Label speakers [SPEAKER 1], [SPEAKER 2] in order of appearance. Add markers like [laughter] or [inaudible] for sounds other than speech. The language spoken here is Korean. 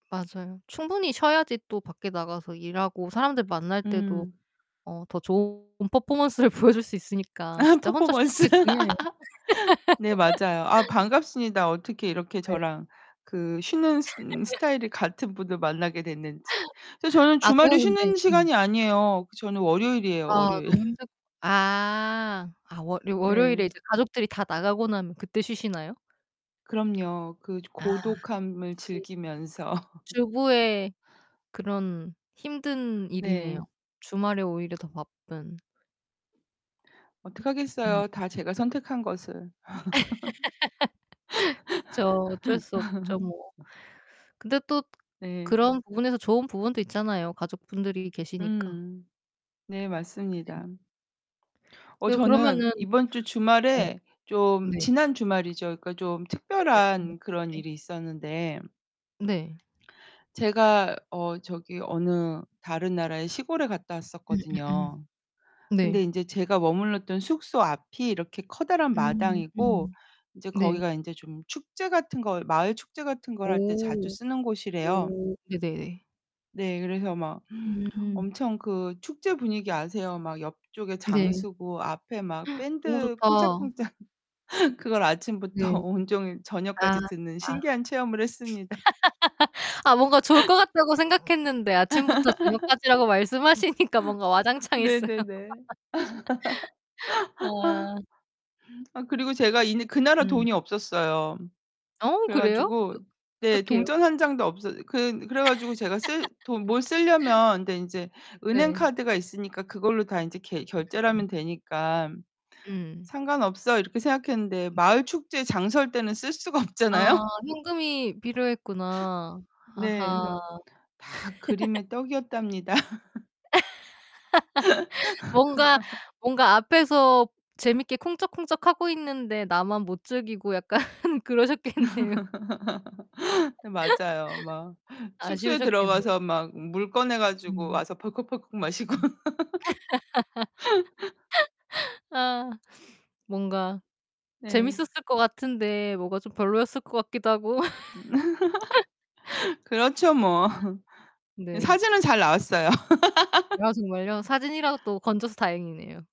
[SPEAKER 1] 맞아요. 충분히 쉬어야지 또 밖에 나가서 일하고 사람들 만날 때도
[SPEAKER 2] 음.
[SPEAKER 1] 어 더 좋은 퍼포먼스를 보여줄 수 있으니까
[SPEAKER 2] 아
[SPEAKER 1] 진짜 혼자 쉬는
[SPEAKER 2] 퍼포먼스.
[SPEAKER 1] 게 중요해요.
[SPEAKER 2] [laughs] 네, 맞아요. 아,
[SPEAKER 1] [laughs]
[SPEAKER 2] 반갑습니다. 어떻게 이렇게
[SPEAKER 1] 네.
[SPEAKER 2] 저랑 그 쉬는 음
[SPEAKER 1] [laughs]
[SPEAKER 2] 스타일이 같은 분을 만나게 됐는지. 그래서 저는
[SPEAKER 1] 아
[SPEAKER 2] 주말에
[SPEAKER 1] 저는 근데
[SPEAKER 2] 쉬는
[SPEAKER 1] 음.
[SPEAKER 2] 시간이 아니에요. 저는 월요일이에요,
[SPEAKER 1] 아
[SPEAKER 2] 월요일.
[SPEAKER 1] 너무 힘들 아. 아, 월 월요일에
[SPEAKER 2] 네.
[SPEAKER 1] 이제 가족들이 다 나가고 나면 그때 쉬시나요?
[SPEAKER 2] 그럼요. 그
[SPEAKER 1] 아.
[SPEAKER 2] 고독함을
[SPEAKER 1] [unintelligible]
[SPEAKER 2] 즐기면서.
[SPEAKER 1] 주부의 그런 힘든 일이네요.
[SPEAKER 2] 네.
[SPEAKER 1] 주말에 오히려 더 바쁜. 음.
[SPEAKER 2] 어떡하겠어요. 다 제가 선택한 것을.
[SPEAKER 1] [laughs] 그쵸. 어쩔 수 없죠, 뭐.
[SPEAKER 2] [laughs]
[SPEAKER 1] 근데 또
[SPEAKER 2] 네.
[SPEAKER 1] 그런 부분에서 좋은 부분도 있잖아요. 가족분들이 계시니까.
[SPEAKER 2] 음 네,
[SPEAKER 1] 네.
[SPEAKER 2] 맞습니다. 어,
[SPEAKER 1] 네
[SPEAKER 2] 저는
[SPEAKER 1] 그러면은
[SPEAKER 2] 이번주
[SPEAKER 1] 어.
[SPEAKER 2] 주말에 좀
[SPEAKER 1] 네.
[SPEAKER 2] 지난 주말이죠. 그러니까 좀
[SPEAKER 1] 네네. [unintelligible]
[SPEAKER 2] 특별한 그런
[SPEAKER 1] 네.
[SPEAKER 2] 일이 있었는데
[SPEAKER 1] 네.
[SPEAKER 2] 제가 어 저기 어느 다른 나라의 시골에 갔다
[SPEAKER 1] 음음음.
[SPEAKER 2] 왔었거든요. 근데
[SPEAKER 1] 네.
[SPEAKER 2] 인제 제가 머물렀던 숙소 앞이 이렇게 커다란
[SPEAKER 1] 음
[SPEAKER 2] 마당이고,
[SPEAKER 1] 음.
[SPEAKER 2] 이제
[SPEAKER 1] 네.
[SPEAKER 2] 거기가 인제 좀 축제 같은 거, 마을 축제 같은 걸 할 때 자주
[SPEAKER 1] 오.
[SPEAKER 2] 쓰는 곳이래요.
[SPEAKER 1] 오 네네네.
[SPEAKER 2] 네, 그래서 막
[SPEAKER 1] 음.
[SPEAKER 2] 엄청 그 축제 분위기 아세요? 막 옆쪽에 장
[SPEAKER 1] 네.
[SPEAKER 2] 서고, 앞에 막
[SPEAKER 1] [gasps] 너무
[SPEAKER 2] 밴드
[SPEAKER 1] 좋다.
[SPEAKER 2] 쿵짝쿵짝 그걸 아침부터
[SPEAKER 1] 네.
[SPEAKER 2] 온종일
[SPEAKER 1] 아
[SPEAKER 2] 저녁까지 듣는
[SPEAKER 1] 아.
[SPEAKER 2] 신기한 체험을 했습니다.
[SPEAKER 1] [laughs] 아 뭔가 좋을 것 같다고 생각했는데 아침부터 저녁까지라고 말씀하시니까 뭔가
[SPEAKER 2] [laughs] 네,
[SPEAKER 1] 와장창했어요.
[SPEAKER 2] 네네.
[SPEAKER 1] [laughs] 아.
[SPEAKER 2] [laughs] 아 그리고 제가 있는 그 나라
[SPEAKER 1] 음.
[SPEAKER 2] 돈이 없었어요.
[SPEAKER 1] 어
[SPEAKER 2] 그래
[SPEAKER 1] 그래요?
[SPEAKER 2] 가지고
[SPEAKER 1] 그
[SPEAKER 2] 네,
[SPEAKER 1] 어떡해요?
[SPEAKER 2] 동전 1 장도 없어 그 그래 가지고 제가 쓸 돈 뭘
[SPEAKER 1] [laughs]
[SPEAKER 2] 쓸려면 근데 인제 은행
[SPEAKER 1] 네.
[SPEAKER 2] 카드가 있으니까 그걸로 다 인제 계 결제를 하면
[SPEAKER 1] [unintelligible]
[SPEAKER 2] 되니까
[SPEAKER 1] 음.
[SPEAKER 2] '상관없어.' 이렇게 생각했는데
[SPEAKER 1] 네.
[SPEAKER 2] 마을 축제 장 설 때는 쓸 수가
[SPEAKER 1] 아
[SPEAKER 2] 없잖아요?
[SPEAKER 1] 현금이 필요했구나.
[SPEAKER 2] 네,
[SPEAKER 1] 아하.
[SPEAKER 2] 그래서 다
[SPEAKER 1] [laughs]
[SPEAKER 2] 그림의 떡이었답니다. [laughs]
[SPEAKER 1] [laughs] 뭔가
[SPEAKER 2] [laughs]
[SPEAKER 1] 뭔가 앞에서 재미있게 쿵짝쿵짝하고 있는데 나만 못 즐기고 약간 그러셨겠네요.
[SPEAKER 2] [laughs] 네 맞아요. 막
[SPEAKER 1] [laughs]
[SPEAKER 2] 숙소에
[SPEAKER 1] 아쉬우셨겠네.
[SPEAKER 2] 들어가서 막 물 꺼내
[SPEAKER 1] 음.
[SPEAKER 2] 가지고
[SPEAKER 1] 음음음.
[SPEAKER 2] 와서 벌컥벌컥 마시고.
[SPEAKER 1] [laughs]
[SPEAKER 2] [laughs]
[SPEAKER 1] 아 뭔가
[SPEAKER 2] 네.
[SPEAKER 1] 재밌었을 것 같은데 뭐가 좀 별로였을 것 같기도 하고.
[SPEAKER 2] [laughs] 그렇죠, 뭐.
[SPEAKER 1] [laughs] 네. 네.
[SPEAKER 2] 사진은 잘 나왔어요. [laughs]
[SPEAKER 1] 아 정말요? 사진이라도 건져서 다행이네요.